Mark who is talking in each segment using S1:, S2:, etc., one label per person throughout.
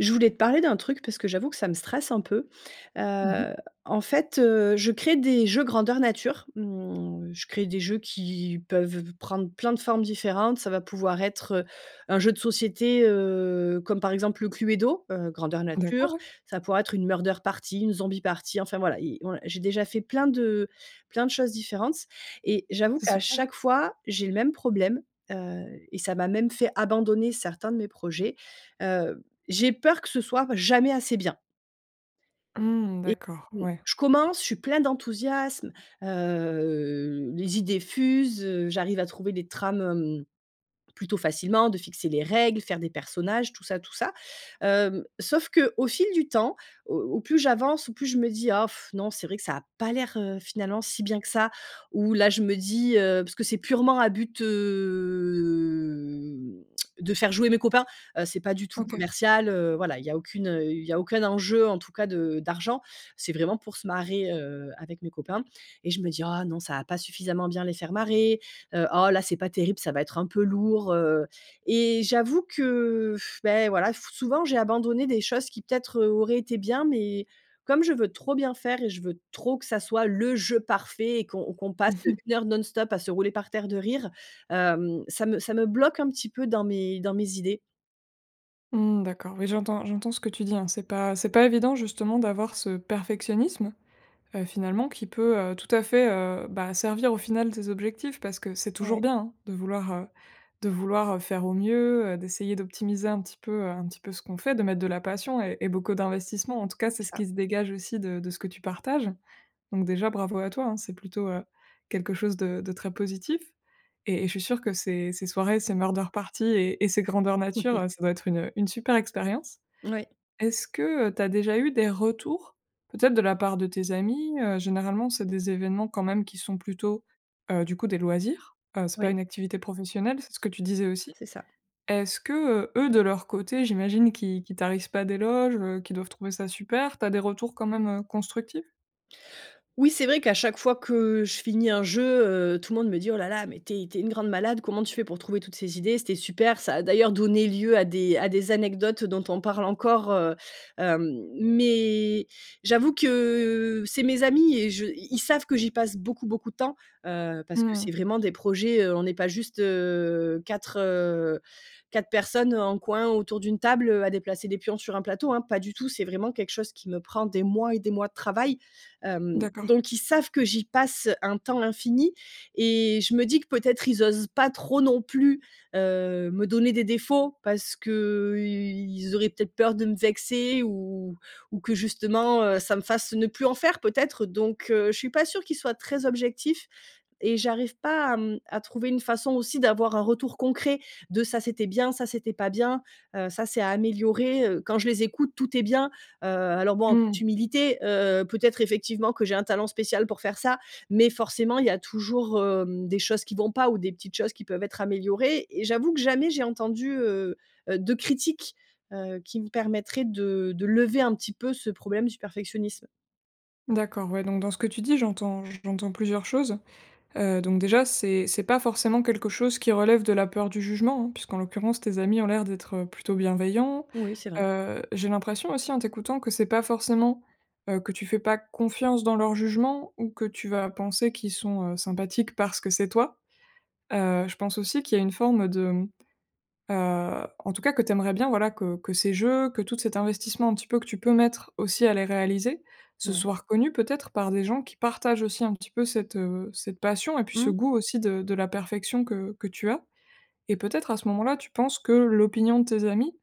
S1: Je voulais te parler d'un truc parce que j'avoue que ça me stresse un peu.
S2: Mmh mh.
S1: Heu, en fait, heu, je crée des jeux grandeur nature, mmh, je crée des jeux qui peuvent prendre plein de formes différentes, ça va pouvoir être, heu, un jeu de société, heu, comme par exemple le Cluedo, heu, grandeur
S2: D'accord,
S1: nature,
S2: ouais.
S1: ça pourrait être une murder party, une zombie party, enfin voilà, i ouais, j'ai déjà fait plein de plein de choses différentes et j'avoue
S2: C'est
S1: qu'à
S2: super.
S1: chaque fois j'ai le même problème, heu et ça m'a même fait abandonner certains de mes projets, heu, j'ai peur que ce soit jamais assez bien
S2: Mmh,
S1: et
S2: d'accord,
S1: mmh,
S2: ouais.
S1: je commence, je suis plein d'enthousiasme, heu, les idées fusent, heu, j'arrive à trouver les trames, hem, plutôt facilement, de fixer des règles, faire des personnages, tout ça, tout ça, hem, sauf qu'au fil du temps, au au plus j'avance, au plus je me dis: «Oh,, non c'est vrai que ça a pas l'air, heu, finalement si bien que ça». Ou là je me dis, heu- parce que c'est purement à but, hem, de faire jouer mes copains, heu, c'est pas du tout
S2: OK.
S1: commercial heu, voilà il y a aucune, heu, il y a aucun enjeu en tout cas de d'argent, c'est vraiment pour se marrer, heu, avec mes copains- et je me dis: «Ah non, ça va pas suffisamment bien les faire marrer, heu, oh là c'est pas terrible, ça va être un peu lourd, heu» et j'avoue que, bah voilà, f souvent j'ai abandonné des choses qui peut-être, heu, auraient été bien mais comme je veux trop bien faire et je veux trop que ça soit le jeu parfait et qu'on qu'on passe
S2: Mmh mh.
S1: une heure non-stop à se rouler par terre de rire, hem, ça me ça me bloque un petit peu dans mes dans mes idées.
S2: Mmh d'accord, oui j'entends j'entends ce que tu dis, hein. C'est pas c'est pas évident justement d'avoir ce perfectionnisme, heu, finalement qui peut, heu, tout à fait, heu, bah, servir au final tes objectifs parce que c'est toujours
S1: Ouais.
S2: bien, hein, de vouloir, heu, de vouloir, heu, faire au mieux, heu, d'essayer d'optimiser un petit peu, heu, un petit peu ce qu'on fait, de mettre de la passion et et beaucoup d'investissement. En tout cas, c'est ce
S1: Ça.
S2: qui se dégage aussi de de ce que tu partages. Donc déjà, bravo à toi, hein. C'est plutôt, heu, quelque chose de de très positif et et je suis sûre que ces ces soirées, ces murder party et et ces grandeurs nature, heu, ça doit être une une super expérience.
S1: Mouais.
S2: Est-ce que, heu, tu as déjà eu des retours peut-être de la part de tes amis, heu? Généralement, c'est des événements quand même qui sont plutôt, heu, du coup des loisirs. Heu, c'est pas
S1: Ouais.
S2: une activité professionnelle, c'est ce que tu disais aussi.
S1: C'est ça.
S2: Est-ce que, heu, eux de leur côté, j'imagine qu'ils qu'ils tarissent pas d'éloges, heu, qu'ils doivent trouver ça super, tu as des retours quand même, heu, constructifs?
S1: Oui, c'est vrai qu'à chaque fois que, heu, je finis un jeu, heu, tout le monde me dit: «Oh là là, mais tu es tu es une grande malade, comment tu fais pour trouver toutes ces idées? C'était super!» ça a d'ailleurs donné lieu à des à des anecdotes, heu, dont on parle encore, heu, hem. Mais j'avoue que, c'est mes amis et je ils savent que j'y passe beaucoup, beaucoup de temps. Heu, parce que
S2: Mmh.
S1: c'est vraiment des projets, heu, on est pas juste, heu, 4, heu, 4 personnes, heu, en coin autour d'une table, heu, à déplacer des pions sur un plateau, hein. Pas du tout c'est vraiment quelque chose qui me prend des mois et des mois de travail. Hem,
S2: D'accord.
S1: donc ils savent que j'y passe un temps infini, et je me dis que peut-être ils osent pas trop non plus, heu, me donner des défauts parce qu'ils auraient peut-être peur de me vexer ou ou ou que justement, heu, ça me fasse ne plus en faire peut-être. Donc, heu, je suis pas sûre qu'ils soient très objectifs et j'arrive pas à mmh, à trouver une façon aussi d'avoir un retour concret de ça c'était bien ça c'était pas bien, heu, ça c'est à améliorer, heu. Quand je les écoute tout est bien, heu, alors bon en toute
S2: Mmh.
S1: humilité, heu, peut-être effectivement que j'ai un talent spécial pour faire ça, mais forcément il y a toujours, hem, des choses qui vont pas ou des petites choses qui peuvent être améliorées et j'avoue que jamais j'ai entendu, heu, heu, de critiques, heu, qui me permettraient de de lever un petit peu ce problème du perfectionnisme.
S2: D'accord, ouais, donc dans ce que tu dis, j'entends j'entends plusieurs choses. Heu, donc déjà, c'est c'est pas forcément quelque chose qui relève de la peur du jugement, hein, puisqu'en l'occurrence tes amis ont l'air d'être plutôt bienveillants.
S1: Oui c'est vrai.
S2: Heu, j'ai l'impression aussi, en t'écoutant, que c'est pas forcément, heu, que tu fais pas confiance dans leur jugement ou que tu vas penser qu'ils sont heu, sympathiques parce que c'est toi. Heu, je pense aussi qu'il y a une forme de heu, en tout cas que tu aimerais bien, voilà, que que ces jeux, que tout cet investissement, un petit peu, que tu peux mettre aussi à les réaliser, ce
S1: Ouais.
S2: soit reconnu, peut-être, par des gens qui partagent aussi, un petit peu, cette, heu, cette passion et puis ce
S1: Mmh.
S2: goût aussi de de la perfection que que tu as. Et, peut-être, à ce moment-là, tu penses que l'opinion de tes amis,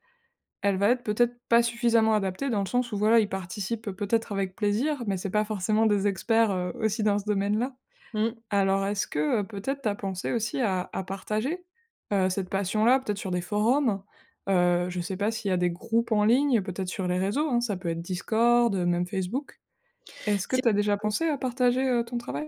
S2: elle va être, peut-être, pas suffisamment adaptée dans le sens où, voilà, ils participent, peut-être, avec plaisir, mais c'est pas forcément des experts, heu, aussi dans ce domaine-là.
S1: Mmh.
S2: Alors est-ce que, heu, peut-être, tu as pensé aussi à à partager, heu, cette passion-là, peut-être sur des forums? Heu, je sais pas s'il y a des groupes en ligne, peut-être sur les réseaux hein, ça peut être Discord, même Facebook. Est-ce que
S1: C'est
S2: tu as déjà
S1: oui.
S2: pensé à partager, heu, ton travail?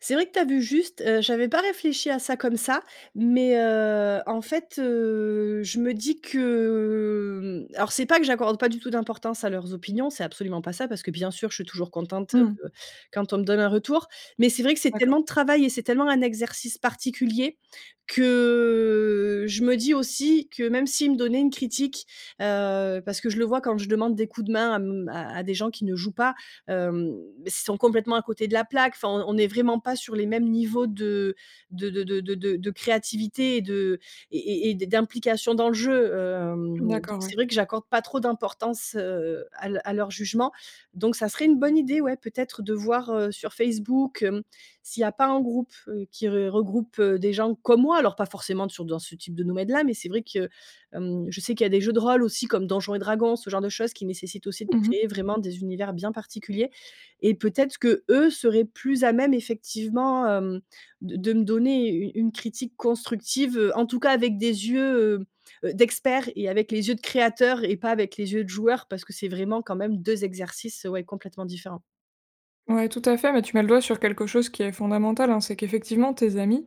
S1: C'est vrai que tu as vu juste. Heu, j'avais pas réfléchi à ça comme ça. Mais, heu, en fait, heu, je me dis que, hem, alors c'est pas que j'accorde pas du tout d'importance à leurs opinions, c'est absolument pas ça. Parce que, bien sûr, je suis toujours contente,
S2: Mmh.
S1: heu, quand on me donne un retour. Mais c'est vrai que c'est tellement
S2: D'accord.
S1: de travail et c'est tellement un exercice particulier que, je me dis aussi que, même s'ils me donnaient une critique, heu parce que je le vois quand je demande des coups de main à m à des gens qui ne jouent pas, hem, ils sont complètement à côté de la plaque enfin on on n'est vraiment pas sur les mêmes niveaux de de de de de créativité et de et et et d'implication dans le jeu. Hem, donc
S2: D'accord,
S1: c'est
S2: ouais.
S1: vrai que j'accorde pas trop d'importance, heu, à leu à leur jugement. Donc ça serait une bonne idée, ouais, peut-être, de voir, heu, sur Facebook, hem, s'il y a pas un groupe, heu, qui regroupe des gens comme moi. Alors pas forcément sur dans ce type de domaine-là. Mais c'est vrai que mmh, je sais qu'il y a des jeux de rôle aussi, comme Donjons et Dragons, ce genre de choses, qui nécessitent aussi de
S2: Mmh
S1: créer
S2: mh.
S1: vraiment des univers bien particuliers. Et peut-être qu'eux seraient plus à même, effectivement, mmh, de de me donner une une critique constructive, en tout cas, avec des yeux, heu, d'experts et avec les yeux de créateurs et pas avec les yeux de joueurs. Parce que c'est vraiment quand même 2 exercices, ouais, complètement différents.
S2: Ouais, tout à fait, mais tu mets le doigt sur quelque chose qui est fondamental, hein: c'est qu'effectivement tes amis,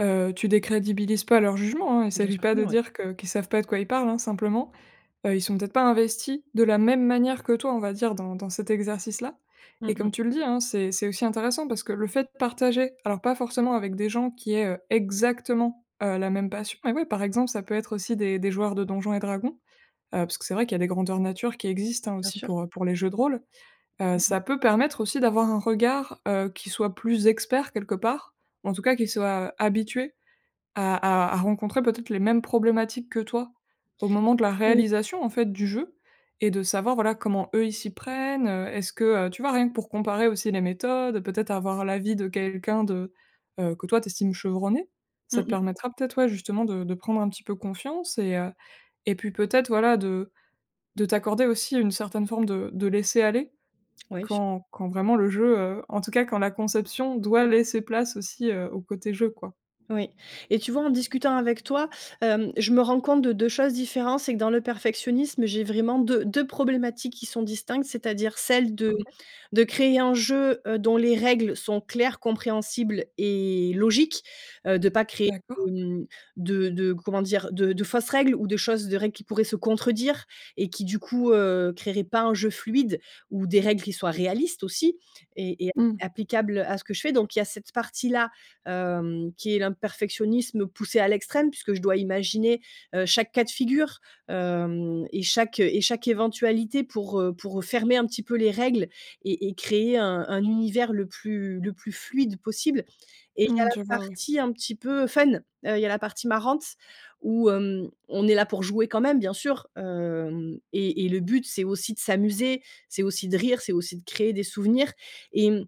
S2: heu, tu décrédibilises pas leur jugement, hein, il
S1: Bien
S2: s'agit
S1: sûr
S2: pas
S1: que
S2: de
S1: non, ouais.
S2: dire que qu'ils savent pas de quoi ils parlent, hein. Simplement, heu, ils sont peut-être pas investis de la même manière que toi, on va dire, dans dans cet exercice-là.
S1: Mmh
S2: Et
S1: mh.
S2: comme tu le dis, hein, c'est c'est aussi intéressant parce que le fait de partager- alors pas forcément avec des gens qui aient, heu, exactement, heu, la même passion- mais oui par exemple, ça peut être aussi des des joueurs de Donjons& Dragons, heu, parce que c'est vrai qu'il y a des grandeur nature qui existent, hein,
S1: Bien
S2: aussi
S1: sûr.
S2: pour, heu, pour les jeux de rôle. Heu,
S1: Mmh mh.
S2: ça peut permettre aussi d'avoir un regard, heu, qui soit plus expert, quelque part, en tout cas qui soit habitué à à à rencontrer peut-être les mêmes problématiques que toi au moment de la
S1: Oui.
S2: réalisation, en fait, du jeu et de savoir, voilà, comment eux ils s'y prennent, heu, est-ce que, heu, tu vois, rien que pour comparer aussi les méthodes, peut-être avoir l'avis de quelqu'un de, heu que toi tu estimes chevronné. Ça
S1: Mmh
S2: te
S1: mh.
S2: permettra peut-être, ouais, justement, de de prendre un petit peu confiance et heu, et puis peut-être, voilà, de de t'accorder aussi une certaine forme de de laisser aller
S1: Ouais, su
S2: quand quand vraiment le jeu, heu, en tout cas quand la conception doit laisser place aussi, heu, au côté jeu, quoi.
S1: Oui. Et tu vois, en discutant avec toi, hem, je me rends compte de 2 choses différentes: c'est que dans le perfectionnisme j'ai vraiment 2- 2 problématiques qui sont distinctes, c'est-à-dire celle de
S2: OK.
S1: de créer un jeu, heu, dont les règles sont claires, compréhensibles et logiques, heu, de pas créer
S2: D'accord.
S1: de, mmh, de de, comment dire, de de fausses règles ou de choses de règles qui pourraient se contredire et qui du coup, heu, créeraient pas un jeu fluide ou des règles qui soient réalistes aussi, et et app
S2: Mmh.
S1: applicables à ce que je fais. Donc il y a cette partie-là, hem, qui est l un perfectionnisme poussé à l'extrême, puisque je dois imaginer, heu, chaque cas de figure, hem, et chaque et chaque éventualité pour, heu, pour fermer un petit peu les règles et et créer un un univers le plus le plus fluide possible. Et il y a
S2: Mmh,
S1: la
S2: je vois, ouais.
S1: partie un petit peu fun, heu, il y a la partie marrante où, hem, on est là pour jouer quand même, bien sûr, hem, et et le but c'est aussi de s'amuser, c'est aussi de rire, c'est aussi de créer des souvenirs et, mmh,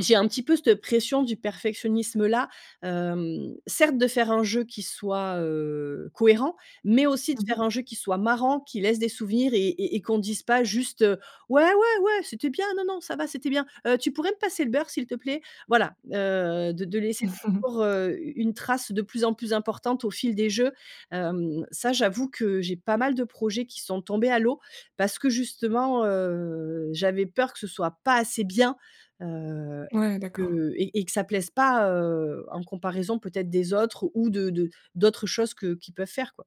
S1: j'ai un petit peu cette pression du perfectionnisme-là, hem: certes de faire un jeu qui soit, heu, cohérent, mais aussi de
S2: Mmh mh.
S1: faire un jeu qui soit marrant, qui laisse des souvenirs et et et qu'on dise pas juste, heu: «Ouais, ouais, ouais, c'était bien. Non, non, ça va, c'était bien. Heu tu pourrais me passer le beurre, s'il te plaît?» Voilà, heu, de de laisser toujours, heu, u une trace de plus en plus importante au fil des jeux, hem, ça, j'avoue que j'ai pas mal de projets qui sont tombés à l'eau parce que justement, heu, j'avais peur que ce soit pas assez bien, heu,
S2: Ouais, d'accord.
S1: que et et que ça plaise pas, heu, en comparaison peut-être des autres ou de de d'autres choses que qu'ils peuvent faire, quoi.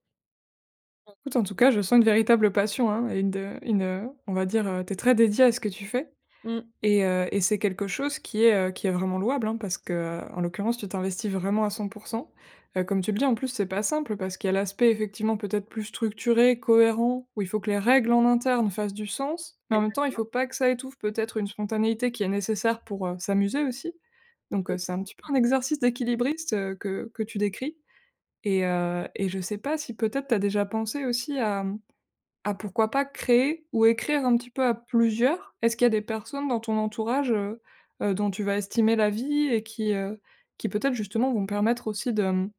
S2: Bah, écoute, en tout cas, je sens une véritable passion, hein, et de une, heu, on va dire, heu, tu es très dédiée à ce que tu fais.
S1: Mmh.
S2: Et heu, et c'est quelque chose qui est, heu, qui est vraiment louable, hein, parce que, heu, en l'occurrence, tu t'investis vraiment à 100 %. Heu, comme tu le dis, en plus, c'est pas simple parce qu'il y a l'aspect, effectivement, peut-être plus structuré, cohérent, où il faut que les règles, en interne, fassent du sens. Mais, en même temps, il
S1: Exactement.
S2: faut pas que ça étouffe peut-être une spontanéité qui est nécessaire pour, heu, s'amuser aussi. Donc,
S1: Oui.
S2: heu, c'est un petit peu un exercice d'équilibriste, heu, que que tu décris. Et heu et je sais pas si, peut-être, tu as déjà pensé aussi à, mmh, à pourquoi pas créer ou écrire un petit peu à plusieurs? Est-ce qu'il y a des personnes dans ton entourage, heu, heu, dont tu vas estimer l'avis et qui, heu, qui peut-être, justement, vont permettre aussi de, mmh,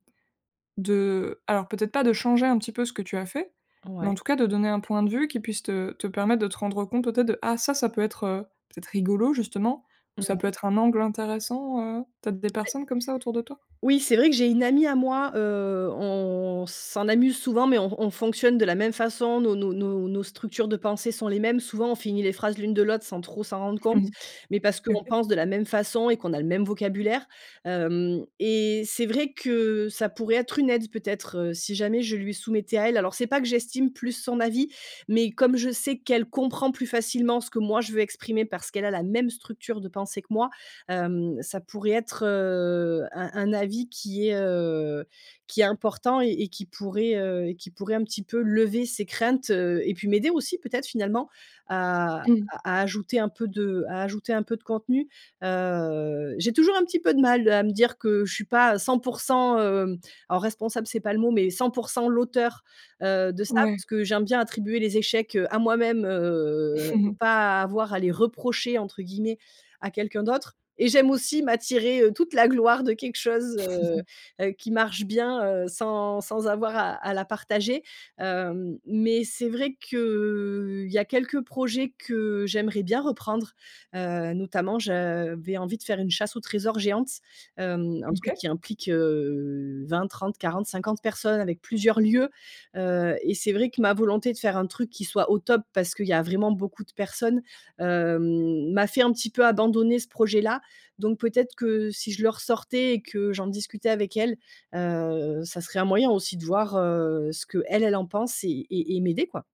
S2: de alors peut-être pas de changer un petit peu ce que tu as fait, mais
S1: Ouais.
S2: en tout cas de donner un point de vue qui puisse te te permettre de te rendre compte, peut-être, de: «Ah, ça ça peut être, heu, peut-être rigolo, justement» ou: «Ça peut
S1: Ouais.
S2: être un angle intéressant». Heu? Peut-être des
S1: Mais
S2: personnes comme ça autour de toi?
S1: Oui, c'est vrai que j'ai une amie à moi, heu, on s'en amuse souvent, mais on on fonctionne de la même façon dans nos nos nos structures de pensées sont les mêmes. Souvent, on finit les phrases l'une de l'autre sans trop s'en rendre
S2: Mmh
S1: compte.
S2: mh.
S1: Mais parce qu'on
S2: OK.
S1: pense de la même façon et qu'on a le même vocabulaire. Hem et c'est vrai que ça pourrait être une aide, peut-être, heu, si jamais je lui soumettais à elle. Alors, c'est pas que j'estime plus son avis, mais comme je sais qu'elle comprend plus facilement ce que, moi, je veux exprimer parce qu'elle a la même structure de pensée que moi. Hem, ça pourrait être, heu, un un avis qui est, heu, qui est important et et qui pourrait, heu, et qui pourrait un petit peu lever ses craintes, heu, et puis m'aider aussi, peut-être, finalement, à à
S2: Mmh.
S1: à ajouter un peu de à ajouter un peu de contenu. Heu, j'ai toujours un petit peu de mal à me dire que je suis pas 100 %, hem, alors responsable, c'est pas le mot, mais 100 % l'auteure, heu, de ça
S2: Ouais.
S1: parce que j'aime bien attribuer les échecs, heu, à moi-même, heu, et pas à avoir à les «reprocher» entre guillemets, à quelqu'un d'autre. Et j'aime aussi m'attirer, heu, toute la gloire de quelque chose, heu, heu, qui marche bien, heu, sans sans avoir à à la partager. Hem. Mais c'est vrai qu'il y a quelques projets que j'aimerais bien reprendre. Heu, notamment, j'avais envie de faire une chasse aux trésors géante. Hem, un truc
S2: OK.
S1: qui implique, heu, 20-30-40-50 personnes, avec plusieurs lieux, heu, et c'est vrai que ma volonté de faire un truc qui soit au top, parce qu'il y a vraiment beaucoup de personnes, hem, m'a fait un petit peu abandonner ce projet-là. Donc, peut-être que si je le ressortais et que j'en discutais avec elle, heu, ça serait un moyen aussi de voir, heu, ce qu'elle, elle, en pense et et et m'aider, quoi.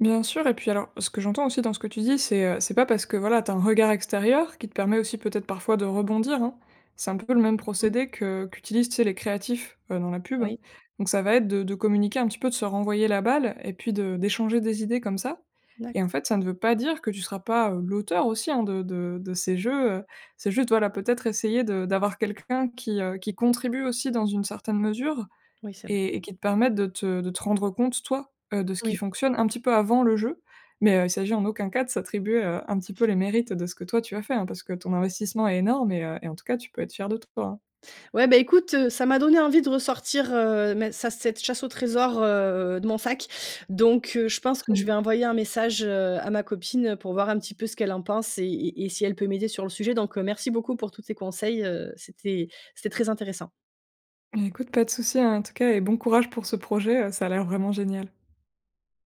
S2: Bien sûr. Et puis alors, ce que j'entends aussi dans ce que tu dis, c'est, heu, c'est pas parce que, voilà, tu as un regard extérieur qui te permet aussi, peut-être, parfois, de rebondir, hein. C'est un peu le même
S1: Mmh.
S2: procédé que qu'utilisent, tu sais, les créatifs, heu, dans la pub, hein.
S1: Oui.
S2: Donc, ça va être de de communiquer un petit peu, de se renvoyer la balle et puis de d'échanger des idées comme ça. Et
S1: D'accord.
S2: en fait, ça ne veut pas dire que tu seras pas, heu, l'auteur aussi, hein, de de de ces jeux, heu, c'est juste, voilà, peut-être essayer de d'avoir quelqu'un qui, heu, qui contribue aussi dans une certaine mesure.
S1: Oui, c'est vrai.
S2: Et et qui te permettent de te de te rendre compte toi, heu, de ce qui
S1: Oui.
S2: fonctionne un petit peu avant le jeu. Mais, heu, il s'agit en aucun cas de s'attribuer, heu, un petit peu les mérites de ce que, toi, tu as fait, hein, parce que ton investissement est énorme et heu, et en tout cas, tu peux être fière de toi.
S1: Ouais, bah, écoute, heu, ça m'a donné envie de ressortir, heu, mais ça cette chasse au trésor, heu, de mon sac. Donc, heu, je pense que
S2: Mmh
S1: je vais
S2: mh.
S1: envoyer un message, heu, à ma copine, heu, pour voir un petit peu ce qu'elle en pense et et et si elle peut m'aider sur le sujet. Donc, heu, merci beaucoup pour tous ces conseils, heu, c'était c'était très intéressant.
S2: Bah, écoute pas de souci, hein, en tout cas, et bon courage pour ce projet, heu, ça a l'air vraiment génial.